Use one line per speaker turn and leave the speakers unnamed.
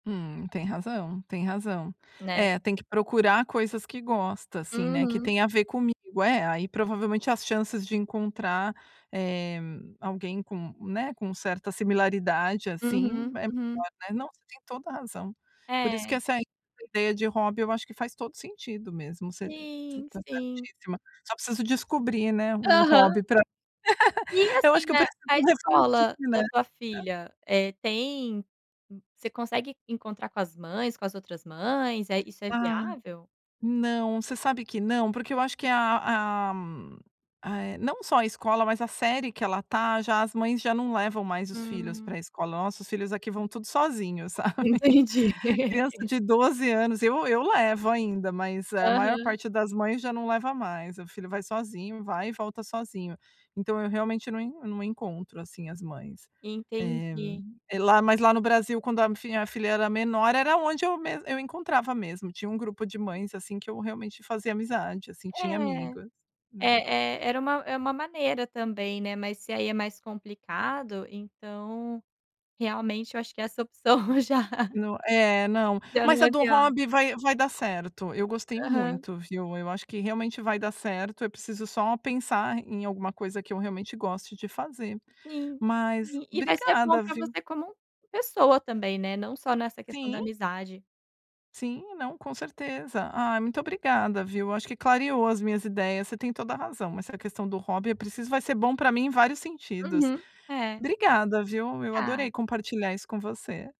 Hum, tem razão, tem razão.
Né.
É, tem que procurar coisas que gosta, assim, né, que
Uhum.
tem a ver comigo. É, aí provavelmente as chances de encontrar, eh, alguém com, né, com certa similaridade, assim,
Uhum,
é
uhum.
melhor, né. Não, você tem toda a razão. Por isso que
É.
essa ideia de hobby, eu acho que faz todo sentido mesmo, você você
Sim,
tá
sim.
certissíma. Só preciso descobrir, né, um
Aham.
hobby pra
E,
eu acho
assim,
que eu
né,
preciso
a escola
refletir,
da
né.
tua filha, eh, tem você consegue encontrar com as mães, com as outras mães, eh, isso é
Ah,
viável?
não, você sabe que não, porque eu acho que a a ah, eh, não só a escola, mas a série que ela tá, já as mães já não levam mais os filhos
Hum.
pra escola. Nossa, os filhos aqui vão tudo sozinho, sabe.
Entendi.
Criança de 12 anos eu eu levo ainda, mas a maior
Aham.
parte das mães já não leva mais, o filho vai sozinho, vai e volta sozinho. Então eu realmente não não encontro, assim, as mães. Eh,
Entendi.
lá mas lá no Brasil, quando a f a filha era menor, era onde eu mes eu encontrava mesmo, tinha um grupo de mães, assim, que eu realmente fazia amizade, assim, tinha
É,
amigas, né.
é é era uma é uma maneira também, né, mas se aí é mais complicado, então realmente eu acho que essa opção já
No é, não,
já
mas
não
a
é
do
viável.
hobby vai vai dar certo, eu gostei
Aham.
muito, viu, eu acho que realmente vai dar certo, eu preciso só pensar em alguma coisa que eu realmente goste de fazer,
Sim,
mas
sim. E vai ser bom
obrigada,
pra
viu.
você como pessoa também, né, não só nessa questão da
Sim.
amizade.
Sim, não, com certeza. Ah, muito obrigada, viu. Eu acho que clareou as minhas ideias, você tem toda a razão, essa questão do hobby eu preciso vai ser bom pra mim em vários sentidos.
Uhum. É.
Obrigada, viu, eu adorei
Tá.
compartilhar isso com você.